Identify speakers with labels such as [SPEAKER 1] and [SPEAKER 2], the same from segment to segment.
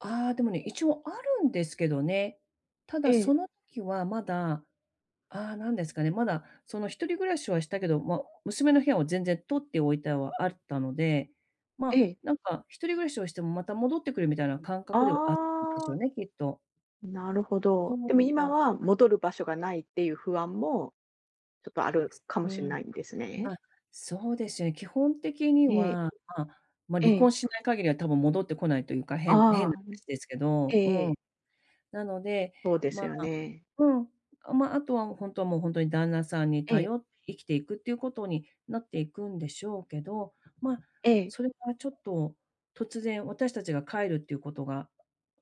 [SPEAKER 1] ああ、でもね、一応あるんですけどね。た
[SPEAKER 2] え
[SPEAKER 1] だそ
[SPEAKER 2] え。
[SPEAKER 1] のきはまだ、ああ、なんですかね、まだ、その、一人暮らしはしたけど、ま、娘の部屋を全然取っておいたはあったので、
[SPEAKER 2] え
[SPEAKER 1] ま、
[SPEAKER 2] え。
[SPEAKER 1] なんか一人暮らしをしてもまた戻ってくるみたいな感
[SPEAKER 2] あ
[SPEAKER 1] 覚ではあったんでしょ
[SPEAKER 2] あ。
[SPEAKER 1] うね、きっと。
[SPEAKER 2] なるほ
[SPEAKER 1] で
[SPEAKER 2] ど。
[SPEAKER 1] も
[SPEAKER 2] でも今
[SPEAKER 1] はい。
[SPEAKER 2] は戻る場所がないっていう不安もちょっとある
[SPEAKER 1] す
[SPEAKER 2] かも
[SPEAKER 1] う
[SPEAKER 2] しん
[SPEAKER 1] ん。
[SPEAKER 2] ないんですね？
[SPEAKER 1] ま、そうでしゅ、え、基本的に
[SPEAKER 2] ええ。
[SPEAKER 1] は、まあ、ま、
[SPEAKER 2] え
[SPEAKER 1] 離
[SPEAKER 2] え。
[SPEAKER 1] 婚しない限りは多分戻ってこないというか、
[SPEAKER 2] あ
[SPEAKER 1] 変
[SPEAKER 2] あ、
[SPEAKER 1] 変な
[SPEAKER 2] あ、うん、
[SPEAKER 1] 話ですけ
[SPEAKER 2] ええ
[SPEAKER 1] ど、う
[SPEAKER 2] え
[SPEAKER 1] ん。
[SPEAKER 2] え。
[SPEAKER 1] なので、
[SPEAKER 2] そうで
[SPEAKER 1] ま
[SPEAKER 2] すよ
[SPEAKER 1] あ
[SPEAKER 2] ね。
[SPEAKER 1] うん、あ、ま、あとはほんともう、ほんとに旦那さんに
[SPEAKER 2] ええ。
[SPEAKER 1] 頼って生きていくっていうことになっていくんでしょうけど、ま、
[SPEAKER 2] ええ。
[SPEAKER 1] それはちょっと、突然私たちが帰るっていうことが、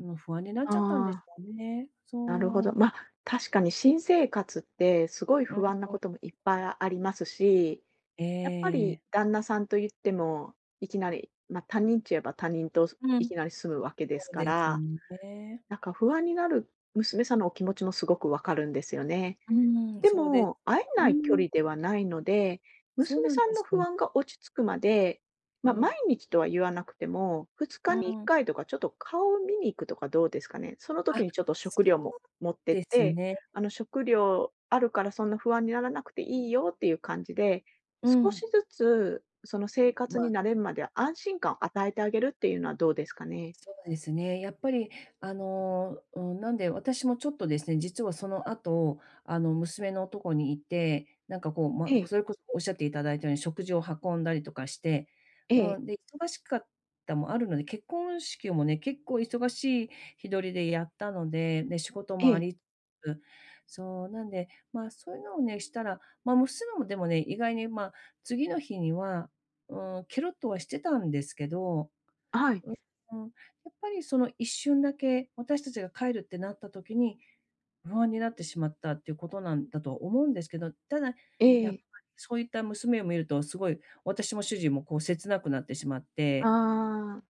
[SPEAKER 1] あの、不安になっ
[SPEAKER 2] あ
[SPEAKER 1] ちゃったんでし
[SPEAKER 2] あ。
[SPEAKER 1] ょうね。
[SPEAKER 2] なるほ
[SPEAKER 1] そ
[SPEAKER 2] ど。
[SPEAKER 1] う。
[SPEAKER 2] ま、確かに新生活って、すごい
[SPEAKER 1] うん、
[SPEAKER 2] 不安な
[SPEAKER 1] う
[SPEAKER 2] こ
[SPEAKER 1] ん。
[SPEAKER 2] ともいっぱいあありますし、
[SPEAKER 1] ええ
[SPEAKER 2] やっぱ
[SPEAKER 1] え
[SPEAKER 2] り
[SPEAKER 1] え。
[SPEAKER 2] 旦那さんといっても、いきなり、ま、他人っち言えば、他人と、そ
[SPEAKER 1] う
[SPEAKER 2] い
[SPEAKER 1] ん、
[SPEAKER 2] きなり住むわけです
[SPEAKER 1] そう
[SPEAKER 2] か
[SPEAKER 1] です
[SPEAKER 2] ら、
[SPEAKER 1] んで。
[SPEAKER 2] なんか不安になる娘さんのお気持ちもすごくわかるんですよね。
[SPEAKER 1] うーん、
[SPEAKER 2] で
[SPEAKER 1] そうで
[SPEAKER 2] も、会え
[SPEAKER 1] う
[SPEAKER 2] ない距
[SPEAKER 1] ーん。
[SPEAKER 2] 離ではないので、
[SPEAKER 1] そう
[SPEAKER 2] 娘
[SPEAKER 1] なん
[SPEAKER 2] さん
[SPEAKER 1] で
[SPEAKER 2] の
[SPEAKER 1] す、う
[SPEAKER 2] 不
[SPEAKER 1] ん。
[SPEAKER 2] 安が落ち着くまで、
[SPEAKER 1] う
[SPEAKER 2] ま、
[SPEAKER 1] ん。
[SPEAKER 2] 毎日とは言わなくてもふつ
[SPEAKER 1] う
[SPEAKER 2] か
[SPEAKER 1] ん
[SPEAKER 2] にいっ
[SPEAKER 1] うん。
[SPEAKER 2] かいとか、ちょっと顔を見に行くとかどうですかね？その
[SPEAKER 1] あ、
[SPEAKER 2] 時にちょっと
[SPEAKER 1] そ
[SPEAKER 2] 食
[SPEAKER 1] う
[SPEAKER 2] 料も持ってっ
[SPEAKER 1] です
[SPEAKER 2] て、
[SPEAKER 1] ね。
[SPEAKER 2] あの、食料あるからそんな不安にならなくていいよっていう感じで、
[SPEAKER 1] う
[SPEAKER 2] 少し
[SPEAKER 1] ん。
[SPEAKER 2] ずつ、その、生活に
[SPEAKER 1] ま。
[SPEAKER 2] 慣れんまでは安心感与えてあげるっていうのはどうですかね？
[SPEAKER 1] そうですね。やっぱり、あの、うん、なんで私もちょっとですね、実はその後、あの、娘のとこにいて、なんかこう、ま、
[SPEAKER 2] ええ。
[SPEAKER 1] それこそおっしゃっていただいたように食事を運んだりとかして、
[SPEAKER 2] え
[SPEAKER 1] う
[SPEAKER 2] え。
[SPEAKER 1] ん、で、忙しかったもあるので、結婚式もね、結構忙しい日取りでやったので、で、仕事
[SPEAKER 2] え
[SPEAKER 1] もあ
[SPEAKER 2] え。
[SPEAKER 1] り、つ、そう、なんで、ま、そういうのをね、したら、ま、娘もでもね、意外に、ま、次の日には、うーん、けろっとはしてたんですけど、
[SPEAKER 2] あ、はい。
[SPEAKER 1] う、うん、やっぱりその一瞬だけ、私たちが帰るってなった時に、不安になってしまったっていうことなんだと思うんですけど、ただ、
[SPEAKER 2] え
[SPEAKER 1] やっぱ、
[SPEAKER 2] え。
[SPEAKER 1] そういった娘を見ると、すごい、私も主人もこう切なくなってしまって。
[SPEAKER 2] ああ。